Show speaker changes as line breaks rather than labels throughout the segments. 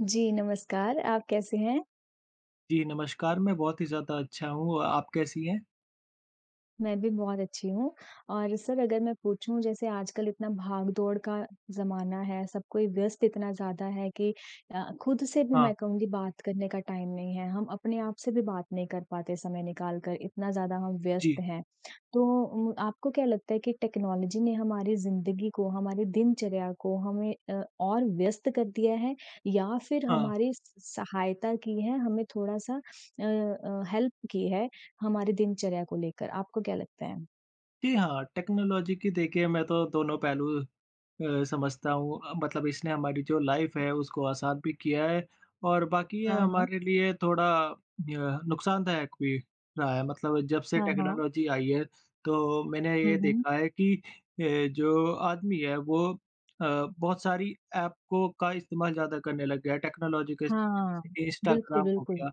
जी, नमस्कार। आप कैसे हैं?
जी, नमस्कार। मैं बहुत ही ज़्यादा अच्छा हूँ और आप कैसी हैं?
मैं भी बहुत अच्छी हूँ। और सर अगर मैं पूछूँ जैसे आजकल इतना भागदौड़ का ज़माना है, सब कोई व्यस्त इतना ज़्यादा है कि अ, खुद से भी
हाँ।
मैं कहूँगी बात करने का टाइम नहीं है। हम अपने आप से भी बात नहीं कर पाते समय निकाल कर इतना ज़्यादा हम
जी।
व्यस्त हैं तो उ आपको क्या लगता है कि टेक्नोलॉजी ने हमारी ज़िंदगी को, हमारी दिनचर्या को हमें अ, और व्यस्त कर दिया है या फिर
हाँ।
हमारी स सहायता की है हमें थोड़ा-सा अ अ, हेल्प की है हमारी दिनचर्या को लेकर, आपको क्या लगता है?
जी। हाँ, टेक्नोलॉज़ी की देखिए मैं तो दोनों पहलू अ, समझता हूँ अ, मतलब इसने हमारी जो लाइफ़ है उसको आसान भी किया है और बाकी ये
हाँ, हाँ।
हमारे लिए थोड़ा य नुकसानदायक भी रहा है मतलब जब से
हाँ, हाँ।
टेक्नोलॉज़ी आई है तो मैंने
हुँ,
ये
हुँ।
देखा है कि ए जो आदमी है वो अ, बहुत सारी ऐप को का इस्तेमाल ज़्यादा करने लग गया है टेक्नोलॉज़ी केस
हाँ। बिल्कुल,
इंस्टाग्राम हो
बिल्कुल।
गया,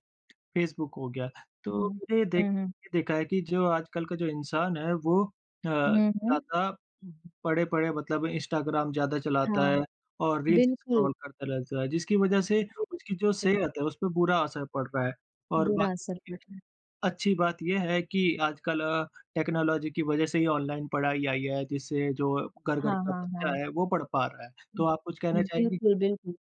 फेसबुक हो गया। तो
हुँ।
मैंने ये देख
हुँ, हुँ।
ये देखा है कि जो आजकल का जो इंसान है वो अ,
हुँ, हुँ।
ज़्यादा पड़े-पड़े मतलब इंस्टाग्राम ज़्यादा चलाता
हाँ।
है और रील्स
बिल्कुल।
स्क्रॉल करता रहता है जिसकी वज़ह से उसकी जो
[unintelligible]
सेहत है उसपे बुरा असर पड़ रहा है और बा
बुरा असर पड़
[unintelligible]
रहा है।
अच्छी बात ये है कि आजकल अ, टेक्नोलॉज़ी की वज़ह से ही ऑनलाइन पढ़ाई आई है जिससे जो घर-घर
हाँ,
का
हाँ,
बच्चा
हाँ।
है वो पढ़ पा रहा है। तो आप कुछ कहना चाहेंगी?
बिल्कुल, बिल्कुल।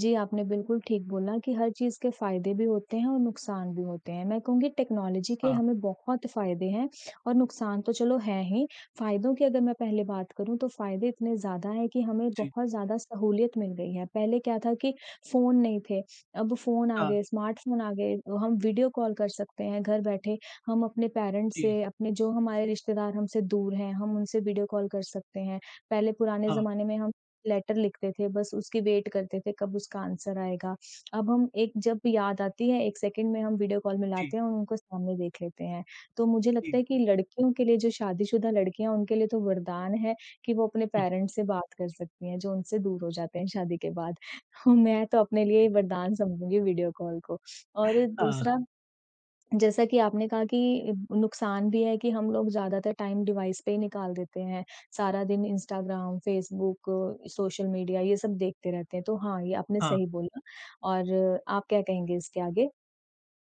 जी, आपने बिल्कुल ठीक बोला कि हर चीज़ के फायदे भी होते हैं और नुकसान भी होते हैं, मैं कहूँगी टेक्नोलॉज़ी के
हाँ।
हमें बहुत फ़ायदे हैं और नुकसान तो चलो हैं ही फ़ायदों की अगर मैं पहले बात करूँ तो फ़ायदे इतने ज़्यादा हैं कि हमें
जी।
बहुत ज़्यादा सहूलियत मिल गई है। पहले क्या था कि फ़ोन नहीं थे अब फ़ोन आ
हाँ।
गए, स्मार्टफ़ोन आ गए, हम वीडियो कॉल कर सकते हैं घर बैठे, हम अपने पेरेंट्स
जी।
से, अपने जो हमारे रिश्तेदार हमसे दूर है हम उनसे वीडियो कॉल कर सकते हैं। पहले पुराने
हाँ।
जमाने में हम लेटर लिखते थे बस उसकी वेट करते थे कब उसका आंसर आएगा। अब हम एक जब याद आती है 1 सेकंड में हम वीडियो कॉल
जी।
मिलाते हैं और उनको सामने देख लेते हैं। तो मुझे लगता
जी।
है कि लड़कियों के लिए जो शादीशुदा लड़कियाँ उनके लिए तो वरदान है कि वो अपने
उ
पेरेंट्स से बात कर सकती हैं जो उनसे दूर हो जाते हैं शादी के बाद। मैं तो अपने लिए वरदान समझूँगी वीडियो कॉल को और
हाँ।
दूसरा जैसा कि आपने कहा कि नुकसान भी है कि हम लोग ज़्यादातर टाइम डिवाइस पे ही निकाल देते हैं। सारा दिन इंस्टाग्राम, फेसबुक, सोशल मीडिया ये सब देखते रहते हैं तो हाँ, ये आपने
हाँ।
सही बोला और आप क्या कहेंगे इसके आगे?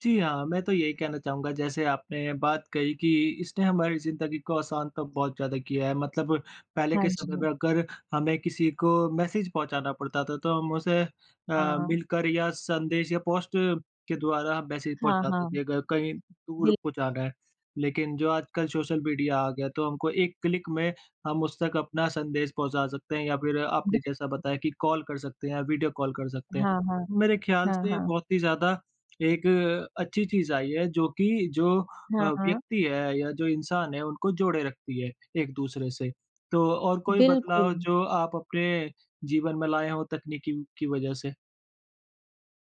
जी, हाँ। मैं तो यही कहना चाहूँगा, जैसे आपने बात कही कि इसने हमारी ज़िंदगी को आसान तो बहुत ज़्यादा किया है, मतलब पहले
हाँ
के समय में
जी।
अगर हमें किसी को मैसेज पहुँचाना पड़ता था, तो हम उसे अ,
हाँ, हाँ।
मिलकर या संदेश या पोस्ट के द्वारा मैसेज
हाँ,
पहुँचाते
हाँ।
थे, अगर कहीं दूर
बिल
पहुँचाना है। लेकिन जो आजकल सोशल मीडिया आ गया, तो हमको एक क्लिक में हम उस तक अपना संदेश पहुँचा सकते हैं या फिर
बि
आपने जैसा बताया कि कॉल कर सकते हैं या वीडियो कॉल कर सकते हैं।
हाँ, हाँ।
मेरे ख्याल
हाँ,
से
हाँ।
बहुत ही ज़्यादा एक अच्छी चीज़ आई है, जो कि जो अ,
हाँ, हाँ।
व्यक्ति है या जो इंसान है, उनको जोड़े रखती है, एक-दूसरे से। तो और कोई बदलाव,
बिल्कुल।
जो आप अपने जीवन में लाएँ हों, तकनीकी की वज़ह से?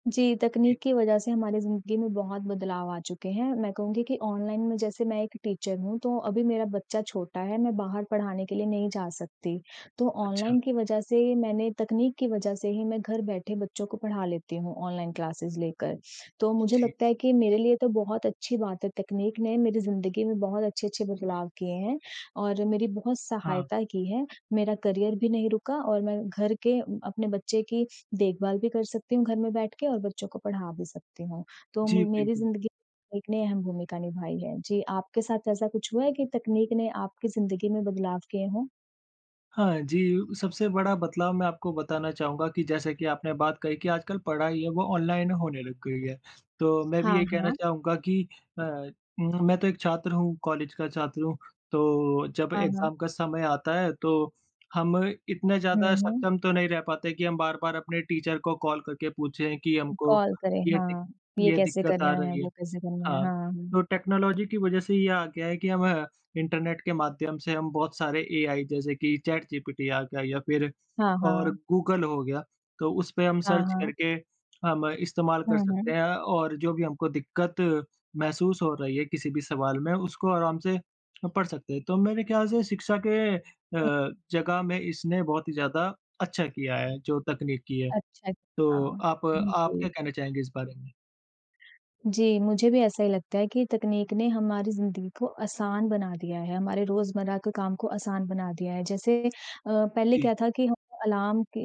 जी,
जी।
तकनीक की वज़ह से हमारी ज़िंदगी में बहुत बदलाव आ चुके हैं। मैं कहूँगी कि ऑनलाइन में जैसे मैं एक टीचर हूँ, तो अभी मेरा बच्चा छोटा है, मैं बाहर पढ़ाने के लिए नहीं जा सकती। तो
अच्छा।
ऑनलाइन की वज़ह से मैंने तकनीक की वज़ह से ही मैं घर बैठे बच्चों को पढ़ा लेती हूँ, ऑनलाइन क्लासेस लेकर। तो मुझे
जी।
लगता है कि मेरे लिए तो बहुत अच्छी बात है, तकनीक ने मेरी ज़िंदगी में बहुत अच्छे-अच्छे बदलाव किए हैं और मेरी बहुत
हाँ।
सहायता की है, मेरा करियर भी नहीं रुका और मैं घर के अपने बच्चे की देखभाल भी कर सकती हूँ, घर में बैठ के और बच्चों को पढ़ा भी सकती हूँ। तो
जी,
म मेरी
बिल्कुल।
ज़िंदगी में तकनीक ने अहम भूमिका निभाई है। जी, आपके साथ ऐसा कुछ हुआ है कि तकनीक ने आपकी ज़िंदगी में बदलाव किए हों?
हाँ, जी। सबसे बड़ा बदलाव मैं आपको बताना चाहूँगा कि जैसा कि आपने बात कही कि आजकल पढ़ाई है वो ऑनलाइन होने लग गई है। तो मैं भी
हाँ,
ये कहना
हाँ।
चाहूँगा कि अ, मैं तो 1 छात्र हूँ कॉलेज का छात्र हूँ। तो जब
हाँ, हाँ।
एक्ज़ाम का समय आता है, तो हम इतने
हुँ,
ज़्यादा
हुँ।
सक्षम तो नहीं रह पाते कि हम बार-बार अपने टीचर को कॉल करके पूछे कि हमको
कॉल करे।
ये दिक
ना, ये
ये
कैसे
दिक्कत आ
करना है?
रही है।
वो कैसे करना है? है
हाँ,
ना?
तो टेक्नोलॉजी की वजह से ये आ गया है कि हम इंटरनेट के माध्यम से हम बहुत सारे एआई जैसे कि चैट जीपीटी आ गया या फ़िर
हाँ,
और
हाँ।
गूगल हो गया। तो उस पे हम
हाँ,
सर्च
हाँ।
करके हम इस्तेमाल कर
हुँ, हुँ।
सकते हैं और जो भी हमको दिक्कत महसूस हो रही है किसी भी सवाल में उसको आराम से पढ़ सकते हैं। तो मेरे ख़्याल से शिक्षा के अ,
हुँ।
जगह में इसने बहुत ही ज़्यादा अच्छा किया है जो तकनीकी है।
अच्छा,
तो
अच्छा।
आप आप क्या
बिल्कुल।
कहना चाहेंगे इस बारे में?
जी। मुझे भी ऐसा ही लगता है कि तकनीक ने हमारी ज़िंदगी को आसान बना दिया है, हमारे रोज़मर्रा के काम को आसान बना दिया है। जैसे अ, पहले
जी।
क्या था कि हम अलार्म कि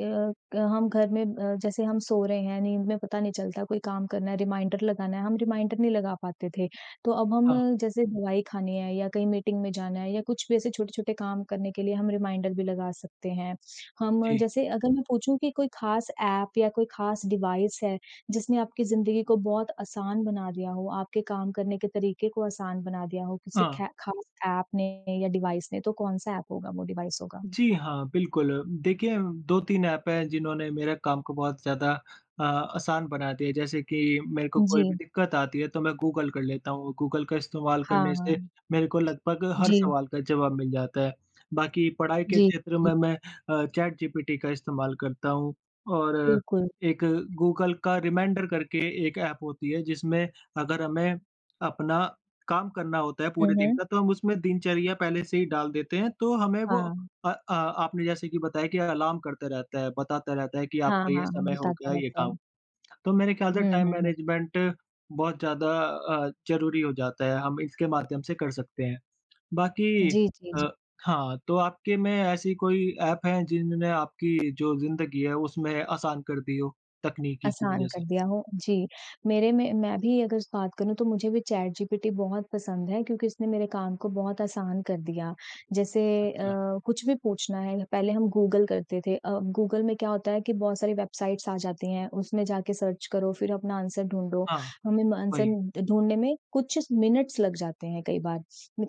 क अ, हम घर में अ, जैसे हम सो रहे हैं, नींद में पता नहीं चलता कोई काम करना है, रिमाइंडर लगाना है, हम रिमाइंडर नहीं लगा पाते थे। तो अब
हाँ।
हम जैसे दवाई खानी है या कहीं मीटिंग में जाना है या कुछ भी ऐसे छोटे-छोटे काम करने के लिए हम रिमाइंडर भी लगा सकते हैं। हम
जी।
जैसे अगर मैं पूछूँ कि कोई ख़ास एप या कोई ख़ास डिवाइस है, जिसने आपकी ज़िंदगी को बहुत आसान बना दिया हो, आपके काम करने के तरीके को आसान बना दिया हो, किसी
हाँ।
खे खा ख़ास एप ने या डिवाइस ने, तो कौन-सा एप होगा, वो डिवाइस होगा?
जी, हाँ। बिल्कुल देखिए, 2-3 एप हैं, जिन्होंने मेरे काम को बहुत ज़्यादा अ, आसान बना दिया है। जैसे कि मेरे को कोई भी
जी।
दिक्कत आती है, तो मैं गूगल कर लेता हूँ। गूगल का इस्तेमाल करने से
हाँ।
मेरे को लगभग हर
जी।
सवाल का जवाब मिल जाता है। बाकी पढ़ाई के
जी,
क्षेत्र
जी।
में मैं अ, चैट जीपीटी का इस्तेमाल करता हूँ। और
बिल्कुल।
एक गूगल का रिमाइंडर करके 1 एप होती है, जिसमें अगर हमें अपना काम करना होता है
हुँ,
पूरे दिन
हुँ।
का, तो हम उसमें दिनचर्या पहले से ही डाल देते हैं, तो हमें वो
हाँ।
अ अ, आपने जैसे कि बताया कि अलार्म करता रहता है, बताता रहता है कि
हाँ,
आपका ये
हाँ
समय हो
बताता
गया ये
रहता
काम।
है।
तो मेरे ख़्याल से
हुँ,
टाइम
हुँ, हुँ।
मैनेजमेंट बहुत ज़्यादा अ, ज़रूरी हो जाता है। हम इसके माध्यम से कर सकते हैं। बाकी
जी, जी, जी।
अ, हाँ तो आपके में ऐसी कोई एप है, जिनने आपकी जो ज़िंदगी है उसमें आसान कर दी हो? तकनीकी की
आसान
वजह
कर
से।
दिया हो जी। मेरे में मैं भी अगर बात करूँ, तो मुझे भी चैट जीपीटी बहुत पसंद है क्योंकि इसने मेरे काम को बहुत आसान कर दिया। जैसे अ,
अच्छा।
कुछ भी पूछना है, पहले हम गूगल करते थे। अ, गूगल में क्या होता है कि बहुत सारी वेबसाइट्स आ जाती हैं, उसमें जाके सर्च करो, फ़िर अपना आंसर ढूँढ़ो।
हाँ।
हमें म अ, आंसर
वही।
ढूँढ़ने में कुछ इच मिनट्स लग जाते हैं कई बार,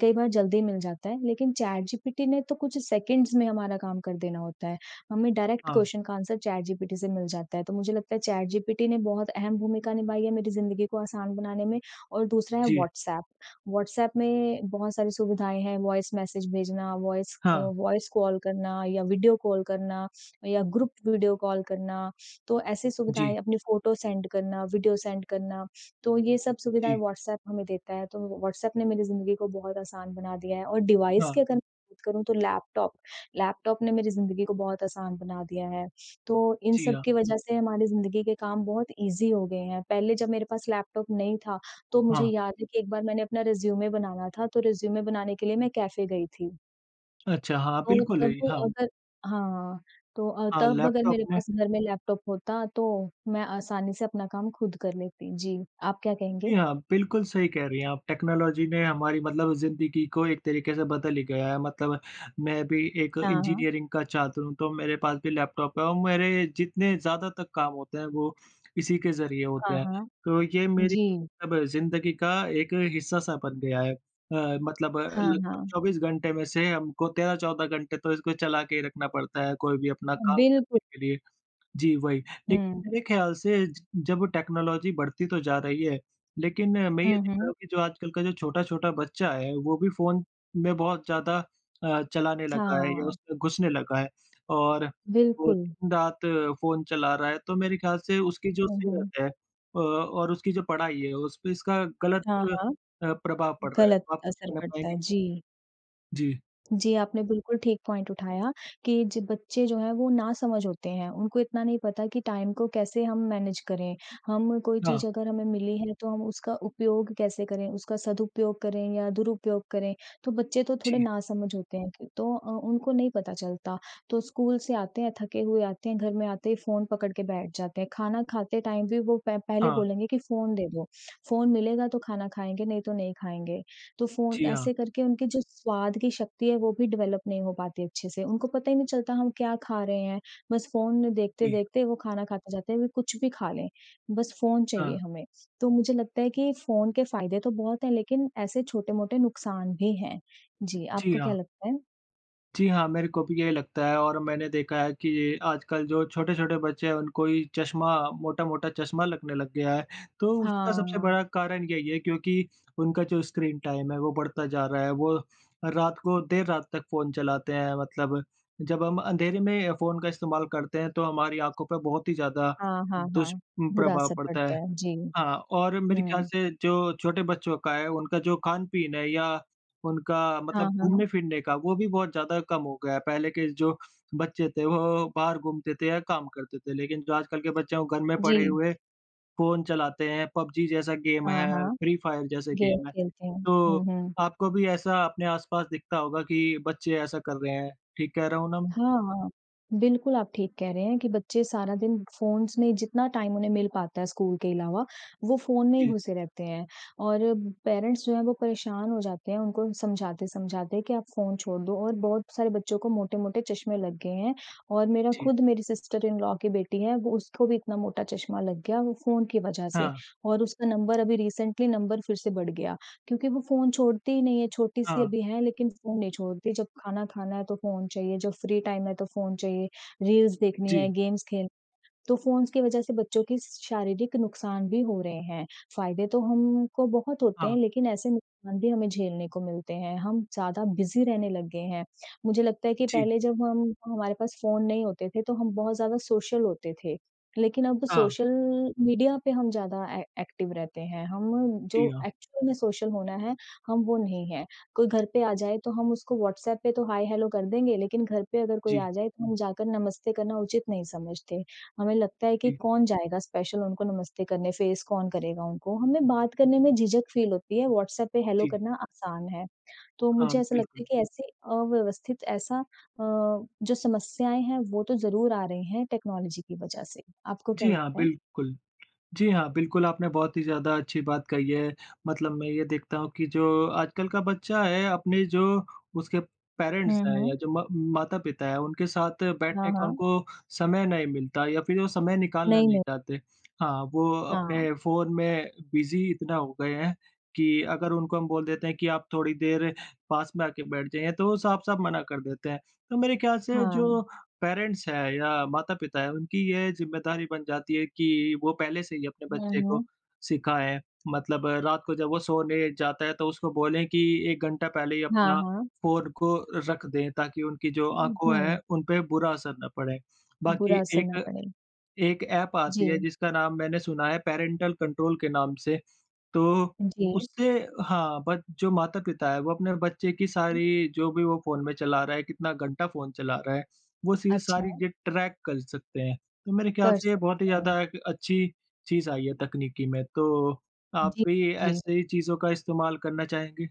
कई बार जल्दी मिल जाता है। लेकिन चैट जीपीटी ने तो कुछ सेकंड्स में हमारा काम कर देना होता है। हमें डायरेक्ट
हाँ।
क्वेश्चन का आंसर चैट जीपीटी से मिल जाता है। तो मुझे लगता है चैट जीपीटी ने बहुत अहम भूमिका निभाई है मेरी ज़िंदगी को आसान बनाने में और दूसरा है
जी।
व्हाट्सएप व्हाट्सएप में बहुत सारी सुविधाएँ हैं, वॉइस मैसेज भेजना, वॉइस अ,
हाँ।
वॉइस कॉल करना या वीडियो कॉल करना, या ग्रुप वीडियो कॉल करना। तो ऐसी
जी।
सुविधाएँ, अपनी फ़ोटो सेंड करना, वीडियो सेंड करना। तो ये सब सुविधाएँ
जी।
व्हाट्सएप हमें देता है, तो व्हाट्सएप ने मेरी ज़िंदगी को बहुत आसान बना दिया है और डिवाइस की
हाँ।
अगर मैं बात करूँ, तो लैपटॉप लैपटॉप ने मेरी ज़िंदगी को बहुत आसान बना दिया है। तो इन
जी,
सब
हाँ।
की वजह से हमारी ज़िंदगी के काम बहुत इज़ी हो गए हैं। पहले जब मेरे पास लैपटॉप नहीं था, तो मुझे
हाँ।
याद है कि एक बार मैंने अपना रिज़्यूमे बनाना था, तो रिज़्यूमे बनाने के लिए मैं कैफ़े गई थी।
अच्छा हाँ,
तो
बिल्कुल
तब
अइ हाँ।
अगर हाँ। तो अ,
हाँ,
तब अगर
लैपटॉप
मेरे
में।
पास घर में लैपटॉप होता तो मैं आसानी से अपना काम खुद कर लेती। जी, आप क्या कहेंगे?
जी, हाँ। बिल्कुल, सही कह रही हैं आप, टेक्नोलॉज़ी ने हमारी मतलब ज़िंदगी को एक तरीके से बदल ही गया है। मतलब मैं भी एक
हाँ, हाँ।
इंजीनियरिंग का छात्र हूँ तो मेरे पास भी लैपटॉप है और मेरे जितने ज़्यादातर काम होते हैं वो इसी के ज़रिए होते
हाँ,
हैं,
हाँ।
तो ये मेरी
जी।
अब ज़िंदगी का एक हिस्सा-सा बन गया है। अ, मतलब अ,
हाँ,
लगभग
हाँ।
24 घंटे में से हमको 13-14 घंटे तो इसको चला के रखना पड़ता है कोई भी अपना काम करने
बिल्कुल।
के लिए। जी वही, लेकिन
हुँ।
मेरे ख़याल से ज जब टेक्नोलॉज़ी बढ़ती तो जा रही है लेकिन मैं ये
हुँ,
देख रहा
हुँ।
हूँ कि जो आजकल का जो छोटा-छोटा बच्चा है वो भी फ़ोन में बहुत ज़्यादा अ, चलाने लगा है या
हाँ।
उसमें घुसने लगा है। और वो
बिल्कुल।
दिन-रात फ़ोन चला रहा है तो मेरे ख़्याल से उसकी जो
हुँ, हुँ।
सेहत है अ, और उसकी जो पढ़ाई है उस पे इसका गलत
हाँ, हाँ।
अ, प्रभाव पड़ रहा है,
गलत
तो आप कुछ
असर
कहना
पड़ता
चाहेंगी?
है। जी।
जी।
जी, आपने बिल्कुल ठीक पॉइंट उठाया कि जो बच्चे जो हैं वो ना समझ होते हैं, उनको इतना नहीं पता कि टाइम को कैसे हम मैनेज करें। हम कोई
हाँ।
चीज़ अगर हमें मिली है तो हम उसका उपयोग कैसे करें, उसका सदुपयोग करें या दुरुपयोग करें। तो बच्चे तो थोड़े
जी।
नासमझ होते हैं तो अ, उनको नहीं पता चलता, तो स्कूल से आते हैं थके हुए आते हैं, घर में आते ही फ़ोन पकड़ के बैठ जाते हैं, खाना खाते टाइम भी वो प पहले
हाँ।
बोलेंगे कि फ़ोन दे दो। फ़ोन मिलेगा तो खाना खाएँगे नहीं तो नहीं खाएँगे, तो फ़ोन
जी, हाँ।
ऐसे करके उनकी जो स्वाद की शक्ति है वो भी डेवलप नहीं हो पाती अच्छे से, उनको पता ही नहीं चलता हम क्या खा रहे हैं, बस फ़ोन में
जी।
देखते-देखते वो खाना खाते जाते हैं वे कुछ भी खा लें, बस फ़ोन चाहिए
हाँ।
हमें। तो मुझे लगता है कि फ़ोन के फायदे तो बहुत हैं लेकिन ऐसे छोटे-मोटे नुकसान भी हैं। जी,
जी,
आपको क्या
हाँ।
लगता है?
जी हाँ। मेरे को भी यही लगता है और मैंने देखा है कि आजकल जो छोटे-छोटे बच्चे हैं उनको ही चश्मा मोटा-मोटा चश्मा लगने लग गया है। तो
हाँ,
उसका सबसे
हाँ।
बड़ा कारण यही है क्योंकि उनका जो स्क्रीन टाइम है वो बढ़ता जा रहा है। वो रात को देर रात तक फ़ोन चलाते हैं मतलब। जब हम अँधेरे में फ़ोन का इस्तेमाल करते हैं तो हमारी आँखों पे बहुत ही ज़्यादा
हाँ, हाँ, हाँ। बुरा
दुष्प्रभाव
असर
पड़ता
पड़ता
है।
है जी।
हाँ और मेरे ख़्याल
हुँ।
से जो छोटे बच्चों का है उनका जो खान-पीन है या उनका मतलब
हाँ, हाँ।
घूमने-फिरने का वो भी बहुत ज़्यादा कम हो गया है। पहले के जो बच्चे थे वो वो बाहर घूमते थे या काम करते थे। लेकिन जो आजकल के बच्चे घर में पड़े
जी।
हुए फ़ोन चलाते हैं। PUBG जैसा गेम
हाँ,
है,
हाँ।
Free Fire जैसा
गेम
गेम है।
खेलते हैं। हुँ,
तो
हुँ।
आपको भी ऐसा अपने आस-पास दिखता होगा कि बच्चे ऐसा कर रहे हैं, ठीक कह रहा हूँ न म
हाँ, हाँ। बिल्कुल आप ठीक कह रहे हैं कि बच्चे सारा दिन फ़ोन्स में जितना टाइम उन्हें मिल पाता है स्कूल के अलावा वो फ़ोन में ही
जी।
घुसे रहते हैं। और पेरेंट्स जो हैं वो परेशान हो जाते हैं, उनको समझाते-समझाते कि आप फ़ोन छोड़ दो और बहुत सारे बच्चों को मोटे-मोटे चश्मे लग गए हैं। और मेरा
जी।
खुद मेरी सिस्टर-इन-लॉ की बेटी है वो उसको भी इतना मोटा चश्मा लग गया वो फ़ोन की वजह से।
हाँ।
और उसका नंबर अभी रिसेंटली नंबर फिर से बढ़ गया। क्योंकि वो फ़ोन छोड़ती ही नहीं है, छोटी सी
हाँ।
अभी हैं लेकिन फ़ोन नहीं छोड़ती। जब खाना खाना है तो फ़ोन चाहिए, जब फ्री टाइम है तो फ़ोन चाहिए, रील्स देखनी है,
जी।
गेम्स खेल तो फ़ोन्स के वजह से बच्चों के शारीरिक नुकसान भी हो रहे हैं। फायदे तो हमको बहुत होते हैं
हाँ।
लेकिन ऐसे नुकसान भी हमें झेलने को मिलते हैं, हम ज़्यादा बिज़ी रहने लग गए हैं। मुझे लगता है कि
जी।
पहले जब हम हमारे पास फ़ोन नहीं होते थे तो हम बहुत ज़्यादा सोशल होते थे। लेकिन अब
हाँ।
सोशल मीडिया पे हम ज़्यादा ए एक्टिव रहते हैं। हम जो
जी हाँ।
एक्चुअल में सोशल होना है, हम वो नहीं है। कोई घर पे आ जाए तो हम उसको व्हाट्सएप पे तो हाय-हेलो कर देंगे लेकिन घर पे अगर कोई
जी।
आ जाए तो हम जाकर नमस्ते करना उचित नहीं समझते। हमें लगता है कि
जी।
कौन जाएगा स्पेशल उनको नमस्ते करने, फ़ेस कौन करेगा उनको। हमें बात करने में झिझक फील होती है। व्हाट्सएप पे हेलो
जी।
करना आसान है। तो
हाँ,
मुझे ऐसा लगता
बिल्कुल।
है कि ऐसी अव्यवस्थित ऐसा अ, जो समस्याएँ हैं वो तो ज़रूर आ रही हैं टेक्नोलॉजी की वजह से। आपको क्या
जी हाँ।
लगता है?
बिल्कुल जी हाँ। बिल्कुल, आपने बहुत ही ज़्यादा अच्छी बात कही है। मतलब मैं ये देखता हूँ कि जो आजकल का बच्चा है अपने जो उसके पेरेंट्स
हुँ,
हैं या
हुँ।
जो मा माता-पिता हैं उनके साथ
हाँ,
बैठने का
हाँ।
उनको समय नहीं मिलता या फिर वो समय निकालना
नहीं,
नहीं
नहीं।
चाहते। हाँ वो
हाँ।
अपने फ़ोन में बिज़ी इतना हो गए हैं कि अगर उनको हम बोल देते हैं कि आप थोड़ी देर पास में आके बैठ जाएँ तो वो साफ-साफ मना कर देते हैं। तो मेरे ख़्याल से
हाँ।
जो पेरेंट्स हैं या माता-पिता हैं उनकी यह ज़िम्मेदारी बन जाती है कि वो पहले से ही अपने
हुँ,
बच्चे
हुँ।
को सिखाएँ। मतलब रात को जब वो सोने जाता है तो उसको बोलें कि 1 घंटा पहले ही
हाँ,
अपना
हाँ।
फ़ोन को रख दें ताकि उनकी जो
उ
आँखों है
हुँ।
उनपे बुरा असर ना पड़े।
बुरा
बाकी
असर ना
एक
पड़े।
एक ऐप आती है
जी।
जिसका नाम मैंने सुना है पैरेंटल कंट्रोल के नाम से। तो
जी।
उससे हाँ बट जो माता-पिता है वो अपने बच्चे की सारी जो भी वो फ़ोन में चला रहा है, कितना घंटा फ़ोन चला रहा है वो चीज़ सारी
अच्छा।
ट्रैक कर सकते हैं। तो मेरे ख़्याल
कर
से ये बहुत ही
सकते हैं।
ज़्यादा एक अच्छी चीज़ आई है तकनीकी में। तो आप
जी,
भी
जी।
ऐसे ही चीज़ों का इस्तेमाल करना चाहेंगे?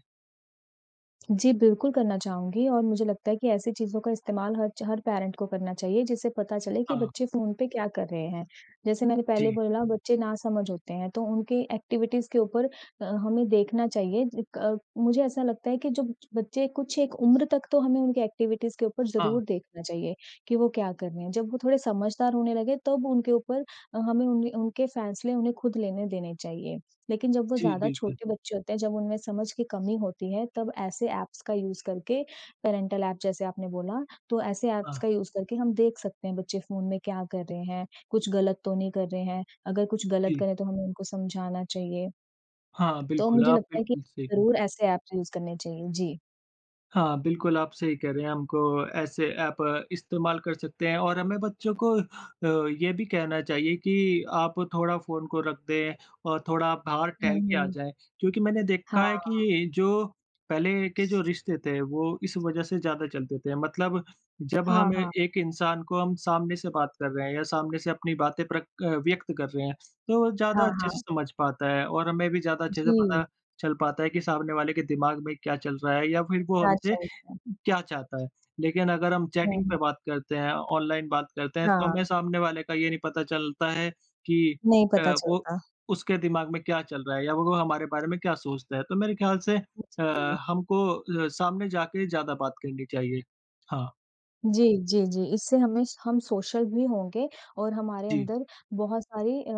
जी, बिल्कुल करना चाहूँगी और मुझे लगता है कि ऐसी चीज़ों का इस्तेमाल हर च हर पेरेंट को करना चाहिए जिससे पता चले कि
हाँ।
बच्चे फ़ोन पे क्या कर रहे हैं? जैसे मैंने पहले
जी।
बोला बच्चे नासमझ होते हैं तो उनके एक्टिविटीज़ के ऊपर अ, हमें देखना चाहिए क मुझे ऐसा लगता है कि जब बच्चे कुछ एक उम्र तक तो हमें उनकी एक्टिविटीज़ के ऊपर
हाँ।
ज़रूर देखना चाहिए, कि वो क्या कर रहे हैं? जब वो थोड़े समझदार होने लगे तब उनके ऊपर अ, हमें उने उनके फैसले उन्हें खुद लेने देने चाहिए। लेकिन जब वो
जी,
ज़्यादा
बिल्कुल।
छोटे बच्चे होते हैं, जब उनमें समझ की कमी होती है तब ऐसे एप्स का यूज़ करके पैरेंटल एप जैसे आपने बोला तो ऐसे एप्स
हाँ।
का यूज़ करके हम देख सकते हैं बच्चे फ़ोन में क्या कर रहे हैं? कुछ गलत तो नहीं कर रहे हैं? अगर कुछ गलत
जी।
करें तो हमें उनको समझाना चाहिए।
हाँ
तो
बिल्कुल
मुझे
आप
लगता है कि
बिल्कुल सही कह
ज़रूर ऐसे एप्स यूज़ करने चाहिए। जी।
हाँ। बिल्कुल, आप सही कह रहे हैं। हमको ऐसे एप इस्तेमाल कर सकते हैं और हमें बच्चों को अ, ये भी कहना चाहिए कि आप थोड़ा फ़ोन को रख दें और थोड़ा बाहर
हुँ,
टहल के आ
हुँ।
जाएँ। क्योंकि मैंने देखा है
हाँ।
कि जो पहले के जो रिश्ते थे वो इस वज़ह से ज़्यादा चलते थे। मतलब जब
हाँ,
हम
हाँ।
एक इंसान को हम सामने से बात कर रहे हैं या सामने से अपनी बातें प्रक अ, व्यक़्त कर रहे हैं तो ज़्यादा
हाँ,
अच्छे से
हाँ।
समझ पाता है और हमें भी ज़्यादा अच्छे से
जी।
पता चल पाता है कि सामने वाले के दिमाग में क्या चल रहा है या फिर वो
क्या
हमसे
चल रहा है?
क्या चाहता है। लेकिन अगर हम
हुँ?
चैटिंग पे
हुँ।
बात करते हैं, ऑनलाइन बात करते हैं तो हमें
हाँ
सामने वाले का ये नहीं पता चलता है कि
नहीं पता
अ, वो
चलता।
उसके दिमाग में क्या चल रहा है या वो हमारे बारे में क्या सोचता है। तो मेरे ख़्याल से
उ,
अ,
जी।
हमको अ, सामने जाके ज़्यादा बात करनी चाहिए। हाँ।
जी, जी, जी। इससे हमें स हम सोशल भी होंगे और हमारे
जी।
अंदर बहुत सारी अ,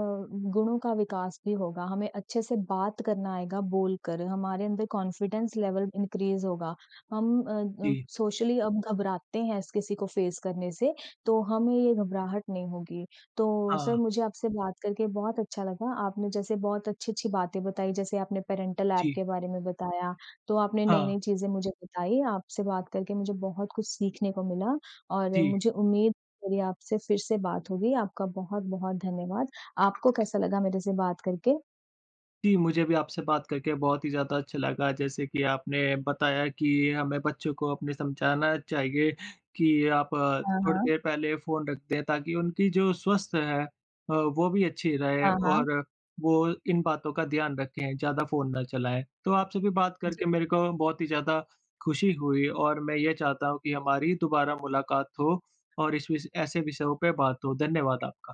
गुणों का विकास भी होगा। हमें अच्छे से बात करना आएगा बोलकर, हमारे अंदर कॉन्फ़िडेंस लेवल इनक्रीज़ होगा। हम अ, अम
जी।
सोशली हम घबराते हैं ऐसे किसी को फ़ेस करने से, तो हमें ये घबराहट नहीं होगी। तो सर,
हाँ।
मुझे आपसे बात करके बहुत अच्छा लगा। आपने जैसे बहुत अच्छी-अच्छी बातें बताई, जैसे आपने पेरेंटल एप
जी।
के बारे में बताया, तो आपने
हाँ।
नई-नई चीज़ें मुझे बताई। आपसे बात करके मुझे बहुत कुछ सीखने को मिला और
जी।
मुझे उम्मीद, मेरी आपसे फिर से बात होगी। आपका बहुत-बहुत धन्यवाद। आपको कैसा लगा मेरे से बात करके?
जी, मुझे भी आपसे बात करके बहुत ही ज़्यादा अच्छा लगा। जैसे कि आपने बताया कि हमें बच्चों को अपने समझाना चाहिए कि आप
हाँ,
थोड़ी
हाँ।
देर पहले फ़ोन रख दें, ताकि उनकी जो स्वस्थ है अ, वो भी अच्छी रहे
हाँ, हाँ।
और वो इन बातों का ध्यान रखें, ज़्यादा फ़ोन ना चलाएँ। तो आपसे भी बात
जी।
करके मेरे को बहुत ही ज़्यादा खुशी हुई और मैं ये चाहता हूँ कि हमारी दोबारा मुलाकात हो और इस विष ऐसे विषयों पे बात हो। धन्यवाद आपका।